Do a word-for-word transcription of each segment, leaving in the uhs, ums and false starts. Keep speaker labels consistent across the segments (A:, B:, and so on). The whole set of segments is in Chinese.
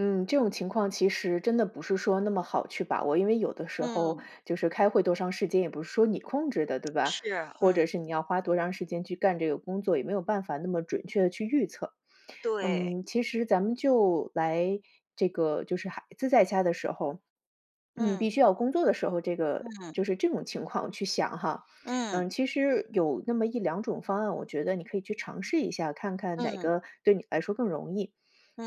A: 嗯，这种情况其实真的不是说那么好去把握，因为有时候
B: 嗯。
A: 就是开会多长时间，也不是说你控制的，对吧？
B: 是，
A: 或者
B: 嗯。
A: 是你要花多长时间去干这个工作，也没有办法那么准确地去预测。
B: 对。
A: 嗯，其实咱们就来，这个就是孩子在家的时候，
B: 嗯。
A: 必须要工作的时候这个就
B: 嗯。
A: 是这种情况去想哈。
B: 嗯。
A: 嗯，其实有那么一两种方案，我觉得你可以去尝试一下，看看哪
B: 嗯。
A: 个对你来说更容易。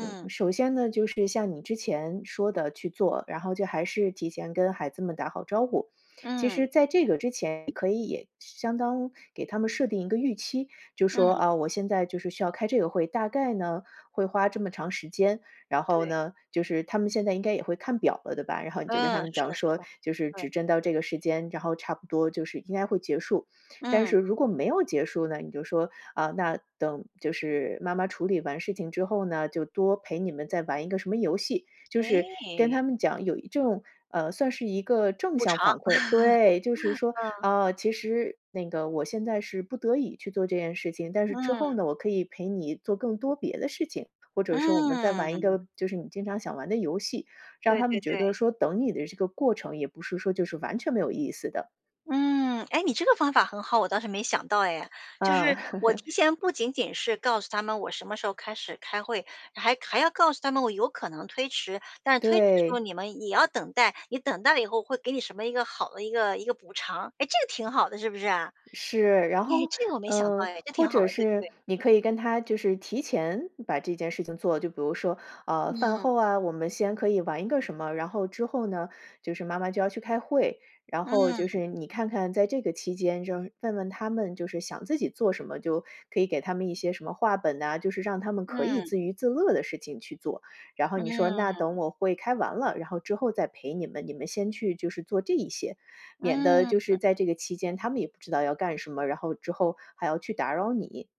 A: 嗯，首先呢，就是像你之前说的去做，然后就还是提前跟孩子们打好招呼。其
B: 嗯。
A: 实在这个之前，你可以相当给他们设定一个预期。就说：
B: 嗯。
A: “啊，我现在就是需要开这个会，大概呢，会花这么长时间。”然后
B: 对。
A: 呢，就是他们现在也应该也会看表了，对吧，然后你就跟他
B: 嗯，
A: 们
B: 是
A: 讲
B: 的，是
A: 说：
B: 的，
A: “就是
B: 对。
A: 指针到这个时间，然后差不多就是应该会结束。”但
B: 嗯。
A: 是如果没有结束呢，你就说：“啊，那等就是妈妈处理完事情之后呢，就多陪你们再玩一个什么游戏。”就是跟
B: 哎。
A: 他们讲有一这种，呃，算是一个正
B: 补
A: 向
B: 偿，
A: 反馈。对，就是说，
B: 嗯。
A: 啊，其实那个我现在是不得已去做这件事情，但是之后
B: 嗯。
A: 呢，我可以陪你做更多别的事情，或者是我们再玩一
B: 嗯。
A: 个就是你经常想玩的游戏。让
B: 对
A: 他们
B: 对
A: 觉
B: 对。
A: 得说，等你的这个过程，也不是说就是完全没有意思的。
B: 嗯，哎，你这个方法很好，我倒是没想到哎。就
A: 嗯。
B: 是我 提前不仅仅是告诉他们我什么时候开始开会，还还要告诉他们我有可能推迟，但是推迟的时候
A: 对。
B: 你们也要等待，你等待了以后，给你什么一个好的一个一个补偿。哎，这个挺好的，是不是？哎，
A: 是，然后，
B: 这个我没想到
A: 呃，
B: 哎，这
A: 或
B: 挺好的，
A: 者
B: 对不
A: 是，
B: 对？
A: 你可以跟他就是提前把这件事情做就比如说，呃，饭
B: 嗯。
A: 后啊，我们先可以玩一个什么，然后之后呢，就是妈妈就要去开会，然后就
B: 嗯。
A: 是你看看在这个期间，就是问问他们就是想自己做什么，就可以给他们一些什么话本呐，就是让他们可以
B: 嗯。
A: 自娱自乐的事情去做。然后你说：“那等
B: 嗯。
A: 我会开完了，然后之后再陪你们，你们先去就是做这一些。”免得
B: 嗯，
A: 就是
B: 嗯。
A: 在这个期间，他们也不知道要干什么，然后之后还要去打扰你。